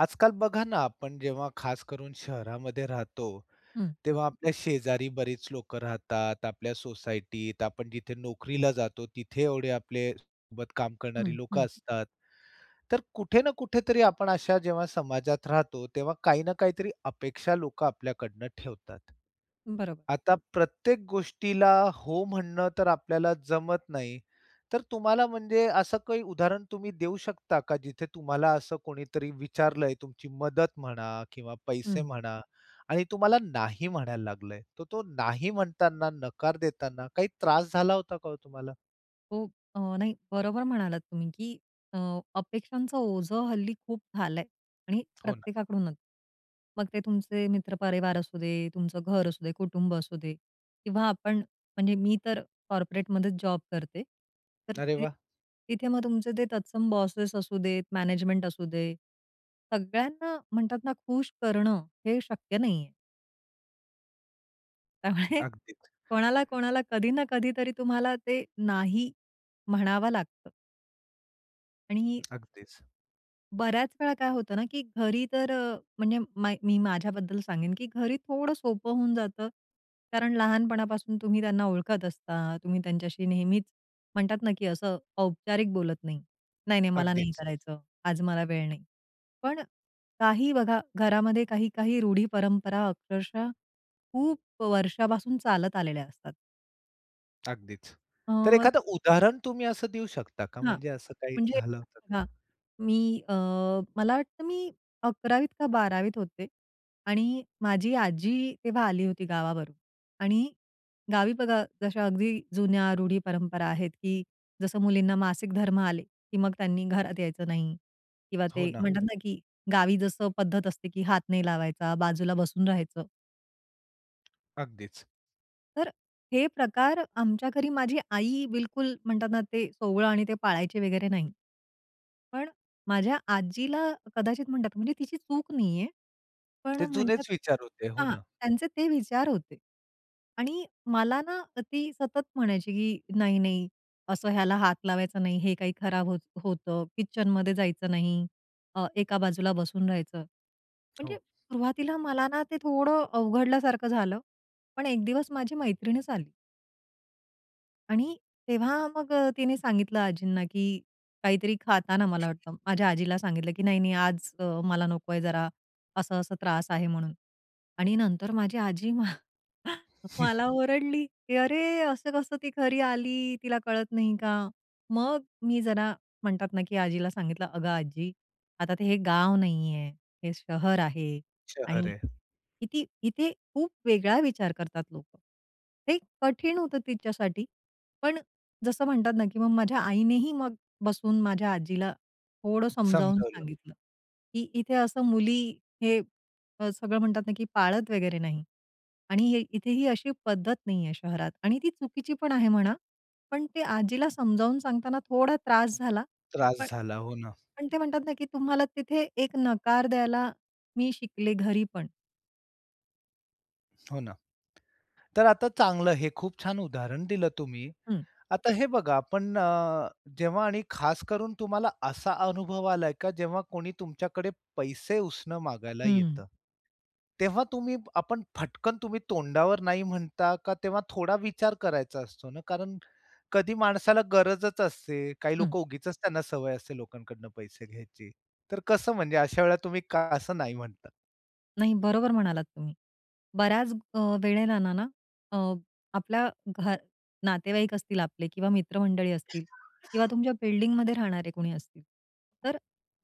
आजकाल बघा ना आपण जेव्हा खास करून शहरामध्ये राहतो, हं. तेव्हा आपल्या शेजारी बरीच लोकं राहतात, आपल्या सोसायटीत. आपण जिथे नोकरीला जातो तिथे एवढे आपले सोबत काम करणारी हं, लोकं हं. असतात. तर कुठे ना कुठेतरी आपण अशा जेव्हा समाजात राहतो, तेव्हा काही ना काहीतरी अपेक्षा लोक आपल्याकडून ठेवतात. बरोब आता प्रत्येक गोष्टीला "हो," म्हणणं तर आपल्याला जमत नाही तर तुम्हाला म्हणजे असं काही उदाहरण तुम्ही देऊ शकता का जिथे तुम्हाला असं कोणीतरी विचारलंय तुमची मदत म्हणा किंवा पैसे हं. म्हणा आणि तुम्हाला नाही म्हणायला लागलंय. तर तो नाही म्हणताना नकार देताना काही त्रास झाला होता का हो तुम्हाला? हो. अ, नाही. बरोबर म्हणालात तुम्ही की अ, अपेक्षांचं ओझं हल्ली खूप झालाय आणि हो ना. प्रत्येकाकडूनच. मग ते तुमचे मित्र परिवार असू दे, तुमचं घर असू दे, कुटुंब असू दे किंवा आपण म्हणजे मी तर कॉर्पोरेटमध्येच जॉब करते तर अरे ते वाह! तिथे मग तुमचे ते तत्सम बॉसेस असू देत, मॅनेजमेंट असू दे. सगळ्यांना म्हणतात ना, खुश करणं हे शक्य नाहीये. त्यामुळे अगदीच. कोणाला, कोणाला कधी ना कधीतरी तुम्हाला ते नाही म्हणावं लागतं. आणि अगदीच. बऱ्याच वेळा काय होतं ना, की घरी तर अ, म्हणजे मै मी माझ्याबद्दल सांगेन, की घरी थोडं सोपं होऊन जातं. कारण लहानपणापासून तुम्ही त्यांना ओळखत असता. तुम्ही त्यांच्याशी नेहमीच म्हणतात ना, की असं औपचारिक बोलत नाही, "नाही, नाही, मला नाही अगदीच. करायचं. आज मला वेळ नाही." पण काही बघा, घरामध्ये काही-काही रूढी परंपरा अक्षरशः खूप अ, वर्षापासून चालत आलेल्या असतात. अगदीच. अ, तर [unintelligible] एखादं उदाहरण तुम्ही असं देऊ शकता का? हां, म्हणजे असं काही म्हणजे झालं होतं? हां, मी अ, मला वाटतं मी 11वी त का 12वी त होते. आणि माझी आजी तेव्हा आली होती गावावरून. आणि गावी बघा, जशा अगदी जुन्या रूढी, परंपरा आहेत, की जसं मुलींना मासिक धर्म आले, की मग त्यांनी घरात यायचं नाही. किंवा हो ते ना. म्हणतात ना, की गावी जसं पद्धत असते, की हात नाही लावायचा, बाजूला बसून राहायचं. अगदीच. तर हे प्रकार आमच्या घरी, माझी आई बिलकुल म्हणतात ना, ते सोवळं आणि ते पाळायचे वगैरे नाही. पण अ, माझ्या आजीला कदाचित म्हणतात, म्हणजे तिची चूक नाहीये, पण ते म्हणतात जुनेच विचार होते. हो हां, ना? त्यांचे ते विचार होते. आणि मला ना ती सतत म्हणायची, की "नाही, नाही, असं ह्याला हात लावायचं नाही, हे काही खराब होत होतं, किचनमध्ये जायचं नाही, अ, एका बाजूला बसून राहायचं." म्हणजे हो. सुरुवातीला मला ना ते थोडं अवघडल्यासारखं झालं, पण एक दिवस माझी मैत्रीणच आली. आणि तेव्हा मग अ, तिने सांगितलं आजींना, की काहीतरी खाताना मला वाटतं, माझ्या आजीला सांगितलं, की "नाही, नाही, आज अ, मला नको आहे, जरा असं-असं त्रास आहे." म्हणून. आणि नंतर माझी आजी मला ओरडली, की "अरे असं कसं, ती घरी आली, तिला कळत नाही का?" मग अ, मी जरा म्हणतात ना, की आजीला सांगितलं, "अगं आजी, आता ते हे गाव नाही आहे, हे शहर आहे शहर आणि आहे. किती इथे खूप वेगळा विचार करतात लोकं." हे कठीण होतं तिच्यासाठी, पण जसं म्हणतात ना, की मग माझ्या आईनेही मग बसून माझ्या आजीला थोडं समजावून समजावलं. सांगितलं, की इथे असं मुली हे सगळं म्हणतात ना, की पाळत वगैरे नाही. आणि हे इथेही अशी पद्धत नाही आहे शहरात आणि ती चुकीची पण आहे म्हणा. पण ते आजीला समजावून सांगताना थोडा त्रास झाला, त्रास पण झाला. हो ना. पण ते म्हणतात ना, की तुम्हाला तिथे एक नकार द्यायला मी शिकले, घरी पण. हो ना. तर आता चांगलं, हे खूप छान उदाहरण दिलं तुम्ही. हं. आता हे बघा, आपण जेव्हा आणि खास करून तुम्हाला असा अनुभव आला आहे का, जेव्हा कोणी तुमच्याकडे पैसे उसनं मागायला हं. येतं, तेव्हा तुम्ही आपण फटकन तुम्ही तोंडावर नाही म्हणता का, तेव्हा थोडा विचार करायचा असतो ना, कारण कधी माणसाला गरजच असते. काही हं. लोकं उगीचच त्यांना सवय असते लोकांकडून पैसे घ्यायची, तर कसं, म्हणजे अशा वेळेला तुम्ही का कसं नाही म्हणता? नाही, बरोबर म्हणालात तुम्ही. बऱ्याच अ, वेळेलाना ना, अ, आपल्या घर नातेवाईक असतील आपले किंवा मित्रमंडळी असतील किंवा तुमच्या बिल्डिंगमध्ये राहणारे कोणी असतील, तर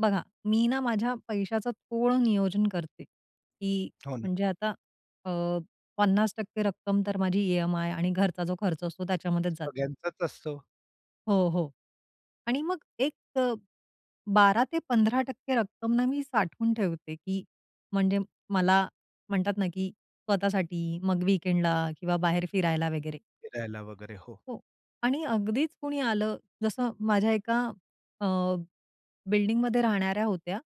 बघा, मी ना, माझ्या पैशाचं थोडं नियोजन करते, की हो ना. म्हणजे आता अ, 50% रक्कम तर माझी ई-एम-आय आणि घरचा जो खर्च असतो त्याच्यामध्येच जाते. सगळ्यांचाच असतो. हो, हो. आणि मग एक अ, 12% ते 15% रक्कम ना, मी साठवून ठेवते, की म्हणजे मला म्हणतात ना, की स्वतःसाठी, मग वीकेंडला किंवा बाहेर फिरायला वगैरे. फिरायला वगैरे, हो. हो. आणि अगदीच कुणी आलं, जसं माझ्या एका अ, बिल्डिंगमध्ये राहणाऱ्या होत्या,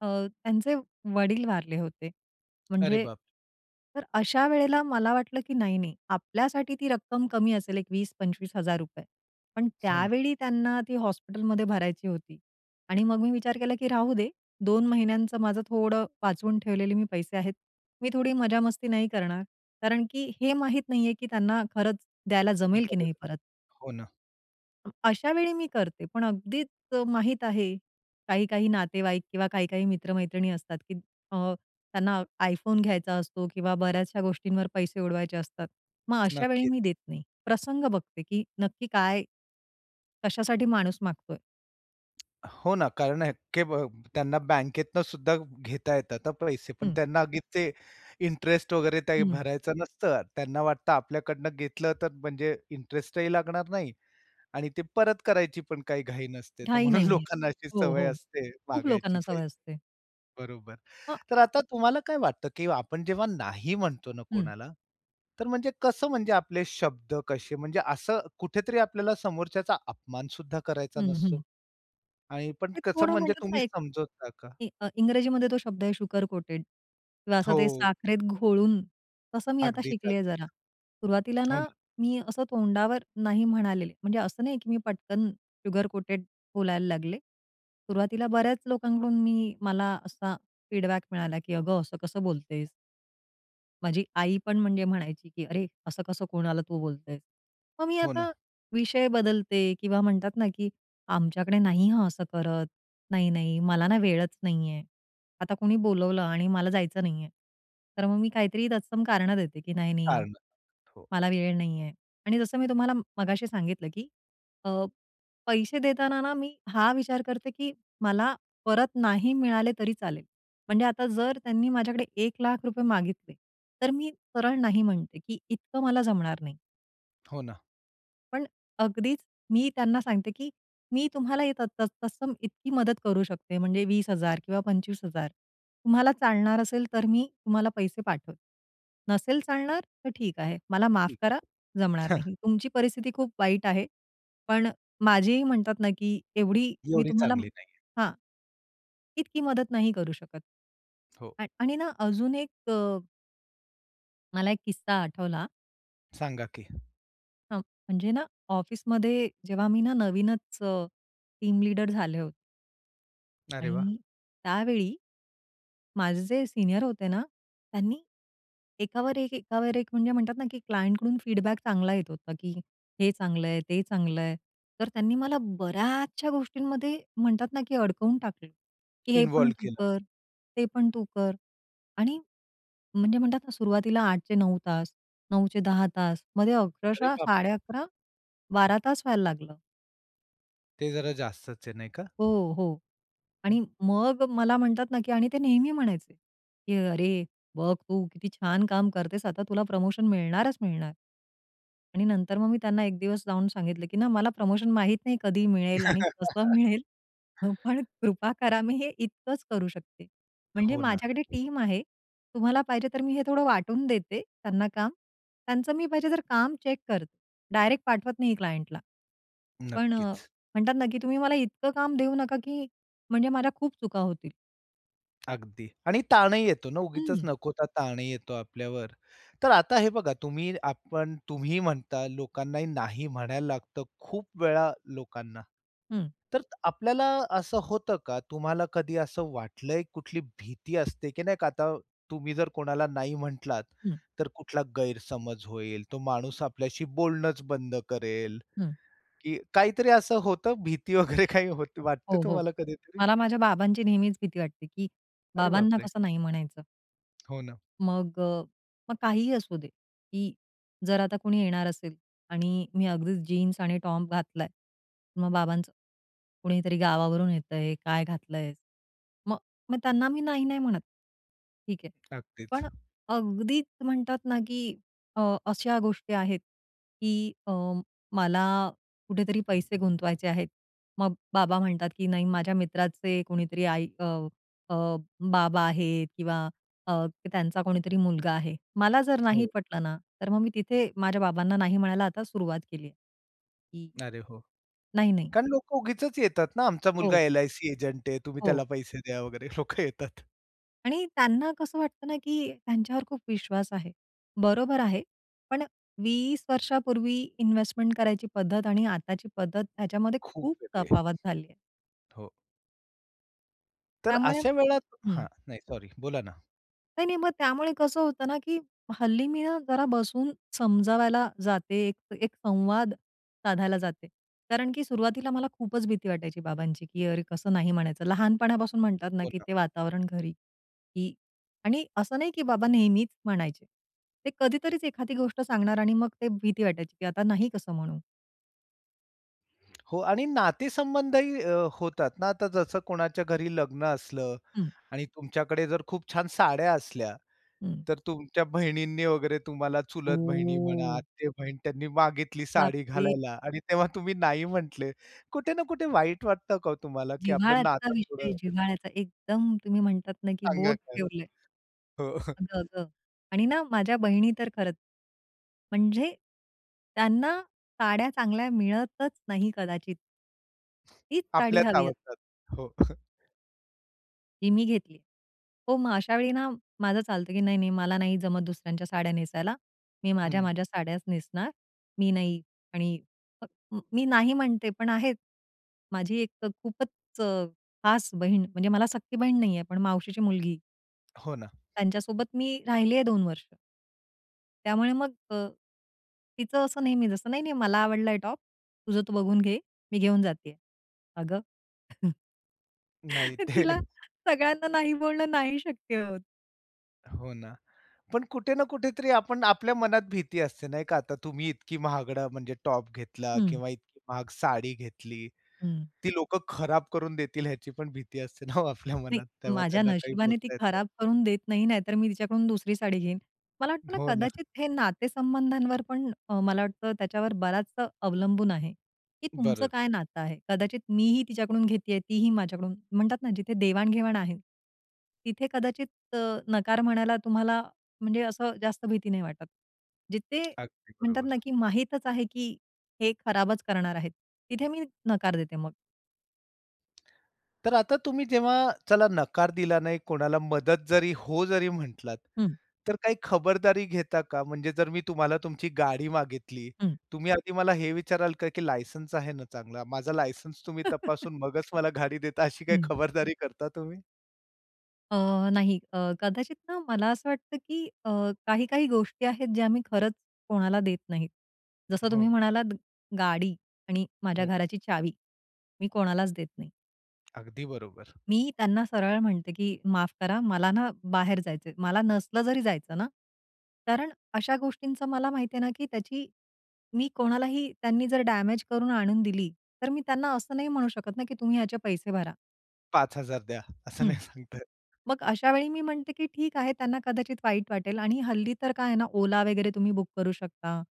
अ, त्यांचे वडील वारले होते. अरे म्हणजे, बाप! तर अशा वेळेला मला वाटलं की "नाही, नाही, आपल्यासाठी ती रक्कम कमी असेल, एक ₹20,000-25,000." पण हो ना. त्यावेळी त्यांना ती हॉस्पिटलमध्ये भरायची होती. आणि मग मी विचार केला की "राहू दे, 2 महिन्यांचं माझं थोडं वाचवून ठेवलेले मी पैसे आहेत, मी थोडी मजामस्ती नाही करणार," कारण की हे माहीत नाहीये की त्यांना खरंच द्यायला जमेल की गरज नाही आहे. परत. हो ना. अशा वेळी मी करते पण अगदीच माहीत आहे काही काही नातेवाईक किंवा काही काही मित्र-मैत्रिणी असतात की त अ, त्यांना iPhone घ्यायचा असतो किंवा बऱ्याचशा गोष्टींवर पैसे उडवायचे असतात. मग अशा वेळी नक्कीच. मी देत नाही. प्रसंग बघते की नक्की काय, कशासाठी माणूस मागतोय? हो ना. कारण अ, की ब त्यांना बँकेतनंसुद्धा घेता येतात हा पैसे पण हं. त्यांना ते इंटरेस्ट वगैरे काही हं. भरायचं नसतं. त्यांना वाटतं आपल्याकडनं घेतलं तर म्हणजे इंटरेस्टही लागणार नाही आणि ते परत करायची पण काही घाई नसते. तर घाई म्हणून नाहीये. लोकांना अशी हो, सवय हो. असते खूप मागायची लोकांना सवय पाहिजे असते. बरोबर. अ. तर आता तुम्हाला काय वाटतं की आपण जेव्हा नाही म्हणतो ना हं. कोणाला तर म्हणजे कसं म्हणजे आपले शब्द कसे म्हणजे असं कुठेतरी आपल्याला समोरच्याचा अपमान सुद्धा करायचा हं, नसतो. हं. आणि पण ते कसं थोडं म्हणू म्हणजे का तुम्ही एक? समजवता का? ते अ, इंग्रजीमध्ये तो शब्द आहे शुगर कोटेड किंवा असं ते हो. साखरेत घोळून तसं मी आता अगदीच, शिकली आहे अगदीच. जरा. सुरुवातीला हो ना ना. मी असं तोंडावर "नाही." म्हणालेले म्हणजे असं नाही की मी पटकन शुगर कोटेड बोलायला लागले सुरुवातीला बऱ्याच लोकांकडून मी मला असा फीडबॅक मिळाला की "अगं! असं कसं बोलतेस?" माझी आई पण म्हणजे म्हणायची की "अरे! असं कसं कोणाला तू बोलतेस?" मग मी हो आता ना. विषय बदलते किंवा म्हणतात ना की "आमच्याकडे नाही हां. असं करत. नाही, नाही मला ना वेळच नाहीये." आता कोणी बोलवलं आणि मला जायचं नाहीये. तर मग मी काहीतरी तत्सम कारणं देते की "नाही, नाही. कारणं, हो. मला वेळ नाहीये." आणि जसं मी तुम्हाला म मगाशी सांगितलं की अ, पैसे देताना ना मी हा विचार करते की मला परत नाही मिळाले तरी चालेल म्हणजे आता जर त्यांनी माझ्याकडे ₹1,00,000 मागितले तर मी सरळ नाही म्हणते की इतकं मला जमणार नाही. हो ना. पण अगदीच, मी त्यांना सांगते, की मी तुम्हाला हे त त तत्सम इतकी मदत करू शकते. म्हणजे 20,000 किंवा 25,000 तुम्हाला चालणार असेल, तर मी तुम्हाला पैसे पाठवते. नसेल चालणार, तर ठीक आहे, मला माफ ठीक करा, आहे. जमणार नाही. तुमची परिस्थिती खूप वाईट आहे, पण माझेही म्हणतात ना, की एवढी मी एवढी तुम्हाला चांगली नाहीये. हां, इतकी मदत नाही करू शकत. हो. आ आणि ना, अजून एक अ मला एक किस्सा आठवला. सांगा की. हां, म्हणजे ना ऑफिसमध्ये जेव्हा मी ना नवीनच अ, टीम लीडर झाले होते. अरे वाह! आणि त्यावेळी, माझे जे सीनियर होते ना, त्यांनी एकावर एक, एकावर एक, म्हणजे म्हणतात ना, की क्लायंटकडून फीडबॅक चांगला येत होता, की हे चांगलं आहे, ते चांगलं आहे. तर त्यांनी मला बऱ्याचशा गोष्टींमध्ये म्हणतात ना, की अडकवून टाकल, की "हे पण इन्व्हॉल्व्ह तू केलं. कर, ते पण तू कर." आणि म्हणजे म्हणतात ना, सुरुवातीला 8 चे 9 तास, 9 चे 10 तास, मध्ये अरे अक्षरशः साडे बापरे! अकरा, 12 तास व्हायला लागलं. ते जरा जास्तच आहे, नाही का? हो, हो. आणि मग मला म्हणतात ना की आणि ते नेहमी म्हणायचे, की "अरे बघ तू किती छान काम करतेस आता तुला प्रमोशन मिळणारच मिळणार." आणि नंतर मग मी त्यांना एक दिवस जाऊन सांगितलं की ना, "मला प्रमोशन माहीत नाही, कधी मिळेल आणि कसं मिळेल, पण कृपा करा मी हे इतकंच करू शकते, म्हणजे हो ना. माझ्याकडे टीम आहे. तुम्हाला पाहिजे, तर मी हे थोडं वाटून देते त्यांना काम त्यांचं मी पाहिजे तर, काम चेक करते, डायरेक्ट पाठवत नाही क्लायंटला." पण नक्कीच. म्हणतात ना, की "तुम्ही मला इतकं काम देऊ नका ,की म्हणजे माझ्या खूप चुका होतील." अगदी आणि ताणही येतो ना. उगीचच हं. नको तो ताणही येतो आपल्यावर. तर आता हे बघा तुम्ही आपण तुम्ही म्हणता लोकांनाही नाही म्हणायला लागतं खूप वेळा लोकांना. हं. तर आपल्याला असं होतं का? तुम्हाला कधी असं वाटलंय कुठली भीती असते की नाही का आता तुम्ही जर कोणाला नाही म्हटलात, हं. तर कुठला गैरसमज होईल, तो माणूस आपल्याशी बोलणंच बंद करेल. हं. की काहीतरी असं होतं भीती वगैरे काही हो वाटते हो, हो. तुम्हाला कधीतरी? मला माझ्या बाबांची नेहमीच भीती वाटते, की अरे बाप बाबांना रे! कसं नाही म्हणायचं. हो ना. मग अ, मग काहीही असू दे, की जर आता कोणी येणार असेल आणि मी अगदीच जीन्स आणि टॉप घातलाय. मग बाबांचं, "कुणीतरी गावावरून येतंय, काय घातलं आहेस." मग मग त्यांना मी नाही-नाही म्हणत. ठीक आहे अगदीच. पण अगदीच म्हणतात ना की अ, अशा गोष्टी आहेत, की अ, मला कुठेतरी पैसे गुंतवायचे आहेत, मग बाबा म्हणतात की "नाही, माझ्या मित्राचे कोणीतरी आई अ, अ, बाबा आहेत किंवा अ, त्यांचा कोणीतरी मुलगा आहे." मला जर नाही हो. पटलं ना, तर मग मी तिथे माझ्या बाबांना नाही म्हणायला आता सुरुवात केली आहे. की अरे हो. "नाही-नाही." कारण लोकं उगीचच येतात ना, आमचा मुलगा हो. एल-आय-सी एजंट आहे, तुम्ही हो. त्याला पैसे द्या वगैरे लोकं येतात. आणि त्यांना कसं वाटतं ना की त्यांच्यावर खूप विश्वास आहे. बरोबर आहे. पण 20 वर्षांपूर्वी इन्व्हेस्टमेंट करायची पद्धत आणि आताची पद्धत त्याच्यामध्ये खूप खूप वेगळे. तफावत झाली आहे. हो. तर त्यामुळे अशा वेळात हां. हं. नाही सॉरी बोला ना. नाही-नाही, मग त्यामुळे कसं होतं ना की हल्ली मी ना, जरा बसून समजावायला जाते, एक एक संवाद साधायला जाते. कारण की सुरुवातीला मला खूपच भीती वाटायची बाबांची. की अरे कसं नाही म्हणायचं. लहानपणापासून म्हणतात ना हो की ना. ते वातावरण घरी, की आणि असं नाही की बाबा नेहमीच म्हणायचे. ते कधीतरीच एखादी गोष्ट सांगणार आणि मग ते भीती वाटायची, की आता नाही कसं म्हणू. हो. आणि नातेसंबंधही अ, होतात ना, आता जसं कोणाच्या घरी लग्न असलं हं. आणि तुमच्याकडे जर खूप छान साड्या असल्या, हं. तर तुमच्या बहिणींनी वगैरे, तुम्हाला चुलत बहिणी म्हणा, ओ! आते बहीण, त्यांनी मागितली बाप साडी रे! घालायला आणि तेव्हा तुम्ही नाही म्हटले. कुठे ना कुठे वाईट वाटतं का हो तुम्हाला? की आपलं जिव्हाळ्याचा नातं विषय, थोडं जिव्हाळ्याचा एकदम, तुम्ही म्हणतात ना की सांगा बोट खरं? ठेवलं आहे. हो. अगं-अगं आणि ना माझ्या बहिणी तर खरंच, म्हणजे त्यांना साड्या चांगल्या मिळतच नाही, कदाचित. तीच साडी आपल्याच हवी अस आवडतात. हो. ती मी घेतली. हो, मग अशावेळी ना, माझं चालतं की "नाही, नाही, मला नाही जमत दुसऱ्यांच्या साड्या नेसायला, मी हं. माझ्या-माझ्या साड्याच नेसणार, मी नाही आणि" मी नाही म्हणते, पण आहेत. माझी एक खूपच खास बहीण, म्हणजे मला सख्खी बहीण नाही आहे, पण मावशीची मुलगी. हो ना. त्यांच्यासोबत मी राहिले आहे, 2 वर्ष. त्यामुळे मग अ, तिचं असं नेहमी जसं, "नाही, नाही मला आवडलाय टॉप, तुझं तो बघून घे, मी घेऊन जाते आहे." अगं नाही. ते तिला सगळ्यांना नाही बोलणं नाही शक्य होतं. हो ना. पण कुठे ना कुठेतरी आपण आपल्या मनात भीती असते नाही का? आता तुम्ही इतकी महागडं म्हणजे टॉप घेतला हं. किंवा इतकी महाग साडी घेतली. हं. ती लोकं खराब करून देतील ह्याची पण भीती असते ना हो आपल्या नाही मनात. तेव्हा माझ्या त्यांना काही नशिबाने ती बोलता येत नाही. खराब करून देत नाही. नाहीतर मी तिच्याकडून दुसरी साडी घेईन. मला वाटतं ना हो ना. कदाचित हे नातेसंबंधांवर पण अ, मला वाटतं त्याच्यावर बराचसा अवलंबून आहे, की तुमचं बरं. काय नातं आहे. कदाचित मी ही तिच्याकडून घेतीये, तीही माझ्याकडून म्हणतात ना जिथे देवाण-घेवाण आहे. तिथे कदाचित अ, नकार म्हणायला तुम्हाला म्हणजे असं जास्त भीती नाही वाटत. जिथे अगदी म्हणतात ना, बरोबर. की माहीतच आहे, की हे खराबच करणार आहेत. तिथे मी नकार देते मग. तर आता तुम्ही जेव्हा चला नकार दिला नाही कोणाला मदत जरी हो जरी म्हटलात, हं. तर काही खबरदारी घेता का? म्हणजे जर मी तुम्हाला तुमची गाडी मागितली, हं. तुम्ही आधी मला हे विचाराल का, की लायसन्स आहे ना चांगला? माझा लायसन्स. तुम्ही तपासून मगच मला गाडी देता, अशी काही हं. खबरदारी करता तुम्ही? अ, नाही अ, कदाचित ना मला असं वाटतं, की अ, काही-काही गोष्टी आहेत ज्या मी खरंच कोणाला देत नाहीत. जसं तुम्ही हो. म्हणालात गाडी आणि माझ्या हो. घराची चावी मी कोणालाच देत नाही. अगदी बरोबर. मी त्यांना सरळ म्हणते, की "माफ करा, मला ना बाहेर जायचं आहे." मला नसलं जरी जायचं ना. कारण अशा गोष्टींचं मला माहिती आहे ना, की त्याची मी कोणालाही त्यांनी जर डॅमेज करून आणून दिली, तर मी त्यांना असं नाही म्हणू शकत ना, की "तुम्ही याचे पैसे भरा." 5,000 द्या, असं हं. नाही सांगता येत. मग अशावेळी मी म्हणते, की "ठीक आहे, त्यांना कदाचित वाईट वाटेल." आणि हल्ली तर काय आहे ना, ओला वगैरे तुम्ही बुक करू शकता.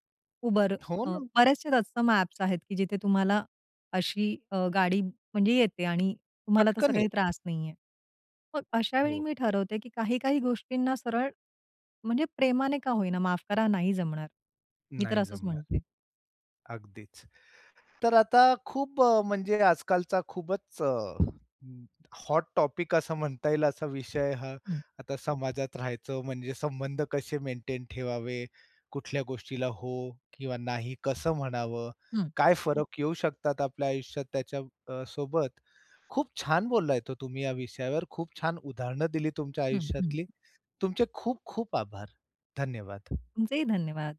Uber, हो अ, ना. बरेचसे तत्सम ॲप्स आहेत, की जिथे तुम्हाला अशी अ, गाडी म्हणजे येते आणि तुम्हाला तसा पटकन काही येते. त्रास नाहीये. मग अशावेळी हो. मी ठरवते, की काही-काही गोष्टींना सरळ, म्हणजे प्रेमाने का होईना, "माफ करा, नाही जमणार." मी तर नाही असंच जमणार. म्हणते. अगदीच. तर आता खूप अ, म्हणजे आजकालचा खूपच अ, हॉट टॉपिक असं म्हणता येईल असा विषय हा. हं. आता समाजात राहायचं म्हणजे संबंध कसे मेंटेन ठेवावे, कुठल्या गोष्टीला हो किंवा नाही कसं म्हणावं, हं. काय फरक येऊ शकतात आपल्या आयुष्यात त्याच्या अ, ...सोबत. खूप छान बोलला आहेत हो तुम्ही या विषयावर. खूप छान उदाहरणं दिली तुमच्या हं, हं. आयुष्यातली. तुमचे खूप खूप आभार, धन्यवाद. तुमचेही धन्यवाद.